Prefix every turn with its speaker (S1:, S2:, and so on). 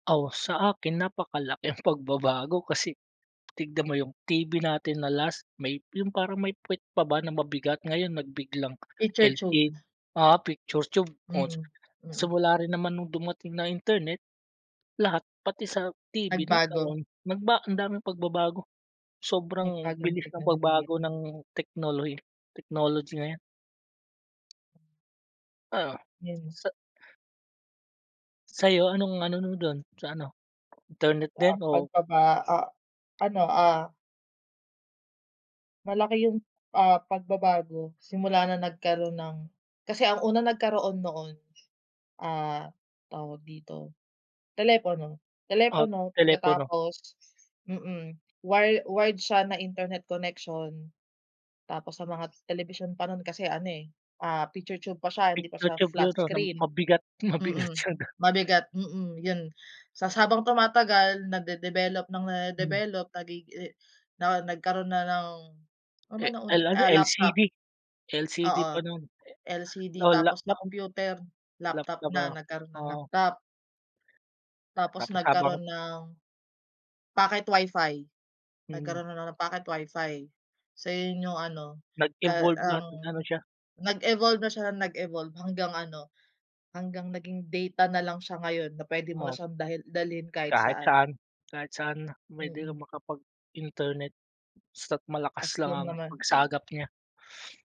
S1: Oh, sa akin napakalaki ang pagbabago. Kasi tignan mo yung TV natin na last, may yung parang may pwet pa ba na mabigat. Ngayon nagbiglang
S2: Picture tube.
S1: LED, oo, picture tube. Oh,
S2: Mm. Mm.
S1: simula rin naman nung dumating na internet, lahat pati sa TV
S2: Nagbago.
S1: nagkaroon, nagba ang daming pagbabago. Sobrang
S2: Nagbago ng
S1: bilis ng
S2: teknolohiya.
S1: pagbago ng teknolohi technology ngayon. Oo,
S2: Yun.
S1: sa Sa'yo anong ano mo dun sa ano, internet
S2: Ah,
S1: din o
S2: pagbaba ah, ano, ah. Malaki yung, ah, pagbabago simula na nagkaroon ng kasi ang unang nagkaroon noon, ah, tawag dito, telepono,
S1: o
S2: telepono
S1: telepono?
S2: pagkatapos, mm, wire wired siya na internet connection. Tapos sa mga telebisyon pa nun kasi ano eh picture tube pa siya hindi pa
S1: Picture
S2: siya
S1: tube
S2: flat
S1: yun, 'no, na
S2: screen.
S1: mabigat, mabigat
S2: Mm,
S1: sa da
S2: mabigat, mm, yun. Ta's habang tumatagal nade-develop ng
S1: Hmm.
S2: nade-develop nagi eh, nao nagkaroon na ng, ano
S1: Eh,
S2: bang nauna,
S1: L, ano,
S2: ah, laptop.
S1: LCD, LCD pa
S2: Oo.
S1: nun.
S2: LCD
S1: Oo, lap
S2: tapos
S1: lap
S2: sa computer, laptop
S1: laptop
S2: na,
S1: oh,
S2: nagkaroon ng
S1: oo.
S2: laptop. Tapos
S1: Tapos habang
S2: nagkaroon ng pocket WIFI,
S1: Hmm.
S2: nagkaroon na ng pocket WIFI. So, yun yung ano, ka
S1: Nag-evolve lahat,
S2: ang
S1: nag-ano siya.
S2: nag-evolve na siya ng nag-evolve hanggang ano, hanggang naging data na lang siya ngayon na pwede mo na
S1: Oo.
S2: siyang dalhi dalhin kahit
S1: Kahit
S2: saan.
S1: saan kahit saan na, pwede kang
S2: Mm.
S1: makapag-internet basta't malakas
S2: As
S1: lang
S2: long
S1: ang
S2: naman.
S1: pagsagap niya.